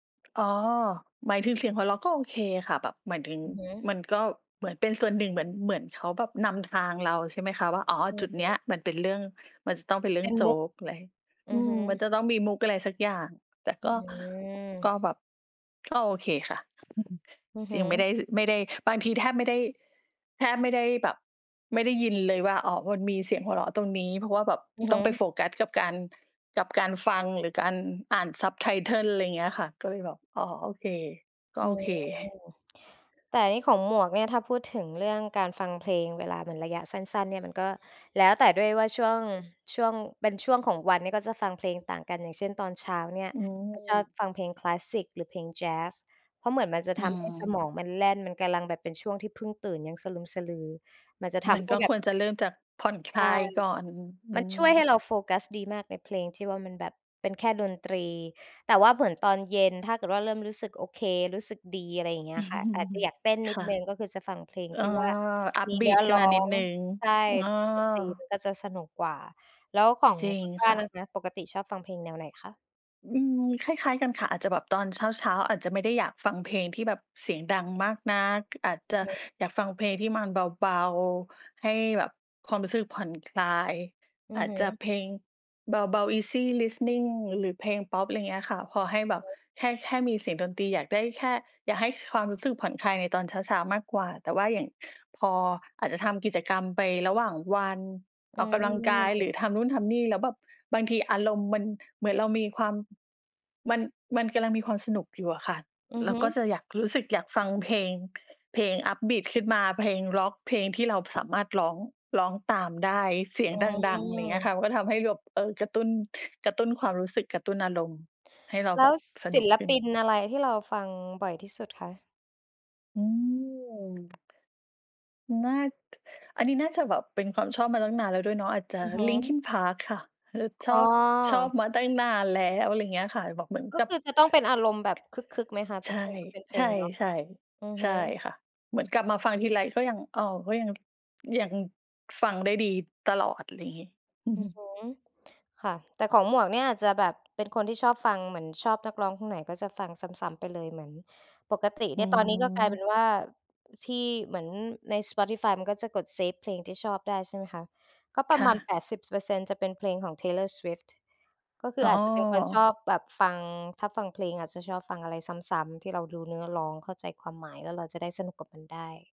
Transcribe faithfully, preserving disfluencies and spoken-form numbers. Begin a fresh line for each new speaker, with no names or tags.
อ๋อ หมายถึงเสียงของเราก็โอเคค่ะ แบบหมายถึง
อือฮ
ม
ึ
ันก็เหมือนเป็นส่วนหนึ่ง เหมือน เหมือนเขาแบบนำทางเรา ใช่ไหมคะว่า อ๋อ
อ
จุดเ
ื
นี้ย
อ
มันเป็นเรื่อง มันจะต้องเป็นเรื่
เ
อ
ป
ง
็น
โจ๊
มุก
กอะไร อ
อ
ื
ือฮ
ม
ึ
มันจะต้องมีมุกอะไรสักอย่าง แต่
อ
ก็ ก็
ืม
แบบ ก็โอเคค่ะ
อือ
จ
ฮ
ริงไม่ไ
ึ
ด้ ส ไม่ได้ บางทีแทบไม่ได้ แทบไม่ได้แบบ ไม่ได้ยินเลยว่า อ๋อ มันมีเสียงหัวเราะตรงนี้ เพราะว่าแบบ
อือ
ต
ฮ
้องไป
ึ
โฟกัสกับการ กับการฟัง หรือการอ่าน subtitle อะไรอย่างเงี้ยค่ะ ก็เลยแบบ อ๋อ โอเค ก็
โอ
โ
้
อ
โฮ
เค
แต่นี่ของหมวกเนี่ย ถ้าพูดถึงเรื่องการฟังเพลง เวลาเหมือนระยะสั้น ๆ เนี่ย มันก็แล้วแต่ด้วยว่า ช่วง ช่วง เป็นช่วงของวันเนี่ย ก็จะฟังเพลงต่างกัน อย่างเช่น ตอนเช้าเนี่ย
อื
ก็ชอบ
ม
ฟังเพลงคลาสสิก หรือเพลงแจ๊ส เพราะเหมือนมันจะ
อื
ทำให้ส
ม
มองมันแล่น มันกำลังแบบเป็นช่วงที่พึ่งตื่นยังสลึมสะลือ มันจะท
มัน
ำให
ก
้
็
แบ
ค
บ
วรจะเริ่มจากผ่อนคล
ใช
า
่
ยก่อน อื
มันช่วยให
ม
้เราโฟกัสดีมากเลย เพลงที่ว่ามันแบบเป็นแค่ดนตรี แต่ว่าเหมือนตอนเย็น ถ้าเกิดว่าเริ่มรู้สึกโอเค รู้สึกดี อะไรอย่างเงี้ยค่ะ อาจจะอยากเต้นนิ
ค
ด
่ะ
หนึ่ง ก็คือจะฟังเพลง
เออ
ที่ว่ามีเนื้
upbeat
อ
ขึ้
ร
น
้
ม
อ
านิด
ง
หนึ่ง
ใช่
อ้อ
ดนตรีมันก็จะสนุกกว่า แล้วของ
จริ
ค
ง
ุณบ้
ค
าน
่ะ
นะคะ ปกติชอบฟังเพลงแนวไหนคะ?
อืม คล้าย ๆ กันค่ะ อาจจะแบบตอนเช้า ๆ อาจจะไม่ได้อยากฟังเพลงที่แบบเสียงดังมากนัก อาจจ
อื
ะ
อฮึ
อยากฟังเพลงที่มันเบา ๆ ให้แบบความรู้สึกผ่อนคลาย
อื
อ
อ
าจ
ฮ
จะ
ึ
เพลงเบา ๆ easy listening หรือเพลงพอป อะไรอย่างเงี้ยอะค่ะ พอให้แบบ
อือฮึ
แค่ แค่มีเสียงดนตรี อยากได้แค่ อยากให้ความรู้สึกผ่อนคลายในตอนเช้า ๆ มากกว่า แต่ว่าอย่างพอ อาจจะทำกิจกรรมไประหว่างวัน
อ
อ
ื
อกกำลังกาย หรื
ม
อทำนู่นทำนี่ แล้วแบบบางทีอารมณ์มันเหมือนเรามีความ มัน มันกำลังมีความสนุกอยู่อะค่ะ
อือ
เร
ฮ
า
ึ
ก็จะอยากรู้สึกอยากฟังเพลง เพลง upbeat ขึ้นมา เพลงร็อก เพลงที่เราสามารถร้อง ร้องตามได้เสียง
อื
ดัง ๆ อะไรอย่างเงี้ยค
ม
่ะ มันก็ทำให้เราแบบ เออ กระตุ้น กระตุ้นความรู้สึก กระตุ้นอารมณ์ ให้เรา
แล
แบ
้ว
บส
ศ
นุ
ิ
ก
ล
ขึ้
ปิ
น
นอะไรที่เราฟังบ่อยที่สุดคะ?
อืม น่า อันนี้น่าจะแบบเป็นความชอบมาตั้งนานแล้วด้วยเนาะ อาจจะ
อือฮึ
Linkin Park ค่ะ เออ ช
อ
อ
๋
บ ชอบ
อ
มาตั้งนานแล้ว อะไรอย่างเงี้ยค่ะ แบบเหมือน
ก็
กับ
คือจะต้องเป็นอารมณ์แบบคึก ๆ ไหมคะ? เพ
ใ
ร
ช
า
่
ะเพลงก็เป็นเพ
ใ
ล
ช
งร็อก
่
อือ
ๆ ใ
ฮ
ช
ึ
่ค่ะ เหมือนกลับมาฟัง
อื
ทีไร
ม
ก็ยัง อ้อ ก็ยัง ยังฟังได้ดีตลอด อะไรอย่างงี้ อือ
อ
ฮ
ื
ึ
อฮึ ค่ะ แต่ของหมวกเนี่ย อาจจะแบบเป็นคนที่ชอบฟัง เหมือนชอบนักร้องคนไหนก็จะฟังซ้ำ ๆ ไปเลย เหมือนปกติ
อ
เ
ื
นี่ย ตอนนี้ก็กลายเป็
ม
นว่า ที่เหมือนใน Spotify มันก็จะกดเซฟเพลงที่ชอบได้ ใช่ไหมคะ ก็ปร
ค
ะ
่
มาณ
ะ
แปดสิบเปอร์เซ็นต์ จะเป็นเพลงของ Taylor Swift ก็คือ
อ๋
อ
อ
าจจะเป็นคนชอบแบบฟัง ถ้าฟังเพลงอาจจะชอบฟังอะไรซ้ำ ๆ ที่เราดูเนื้อร้อง เข้าใจความหมาย แล้วเราจะได้สนุกกับมันได้